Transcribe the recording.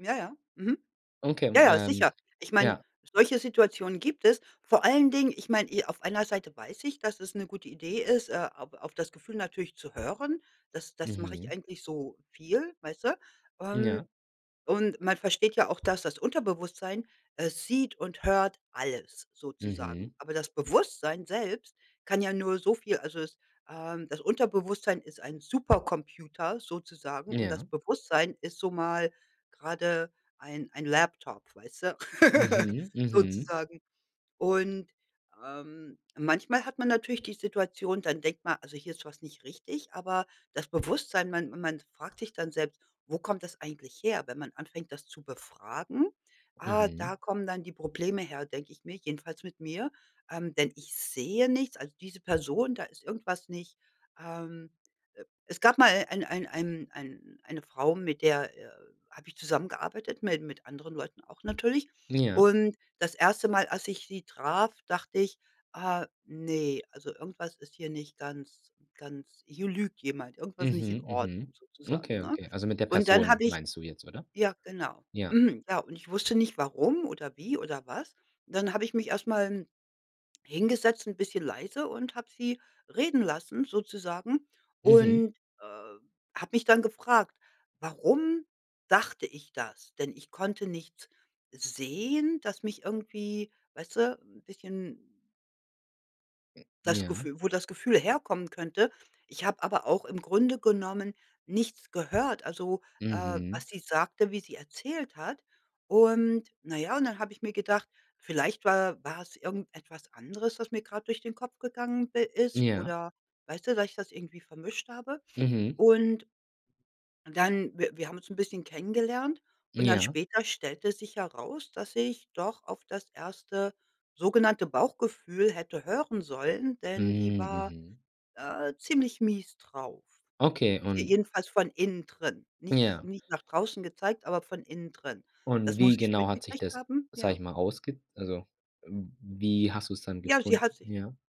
Ja, ja, mhm. Okay, Ja, m ja, ähm, sicher. Ich meine, ja. solche Situationen gibt es. Vor allen Dingen, ich meine, i auf einer Seite weiß ich, dass es 'ne gute Idee ist, äh, auf auf das Gefühl natürlich zu hören. Das das mache ich Mhm. eigentlich so viel, weißt du? Ähm, Ja. und man versteht ja auch, dass das Unterbewusstsein, äh, sieht und hört alles, sozusagen. Mhm. Aber das Bewusstsein selbst kann ja nur so viel also, das, ähm, das Unterbewusstsein ist ein Supercomputer, sozusagen, und das Ja. Bewusstsein ist so mal gerade ein ein Laptop, weißt du? Mhm, mhm. Sozusagen. Und, ähm, manchmal hat man natürlich die Situation, dann denkt man: „Also hier ist was nicht richtig“, aber das Bewusstsein, man man fragt sich dann selbst: Wo kommt das eigentlich her, wenn man anfängt, das zu befragen? Ah, da Mhm. kommen dann die Probleme her“, denke ich mir jedenfalls mit mir, ähm, denn ich sehe nichts also, diese Person, da ist irgendwas nicht, ähm E es gab mal ein ein ein ein eine Frau, mit der, äh, habe ich zusammengearbeitet, mi mit anderen Leuten auch natürlich. Ja. Und das 1. Mal, als ich sie traf, dachte ich: „Ah, ne, also irgendwas ist hier nicht ganz ganz hier lügt jemand, irgendwas ist nicht in Mhm, Ordnung“, mhm. sozusagen, Okay, ne? okay. Also, mit der Und dann Person habe ich meinst du jetzt, oder? ja genau, Ja. mhm. Ja, und ich wusste nicht warum oder wie oder was. Und dann habe ich mich erst mal n hingesetzt, 'n bisschen leise, und habe sie reden lassen, sozusagen Mhm. und, äh, habe mich dann gefragt: „Warum dachte ich das?“ Denn ich konnte nichts sehen, das mich irgendwie weißt du, 'n bisschen M das ja. Gefühl wo das Gefühl herkommen könnte. Ich habe aber auch im Grunde genommen nichts gehört. Also, äh, Mhm. was sie sagte, wie sie erzählt hat. Und, na ja, und dann habe ich mir gedacht: „Vielleicht wa war es irgendetwas anderes, was mir gerade durch den Kopf gegangen i ist“, Ja. oder weißt du, dass ich das irgendwie vermischt habe? Mhm. Und dann w wir haben uns 'n bisschen kennengelernt und dann Ja. später stellte sich heraus, dass ich doch auf das 1. sogenannte Bauchgefühl hätte hören sollen, Hm, denn die war, mhm. äh, ziemlich mies drauf, Okay, je und jedenfalls von innen drin. Nich Ja. nicht nach draußen gezeigt, aber von innen drin. Und Das wie muss ich genau hat sich mitgekriegt das, haben, sage ja. ich mal, ausge also, wie hast du's dann Ja, sie gefunden, hat sich ja?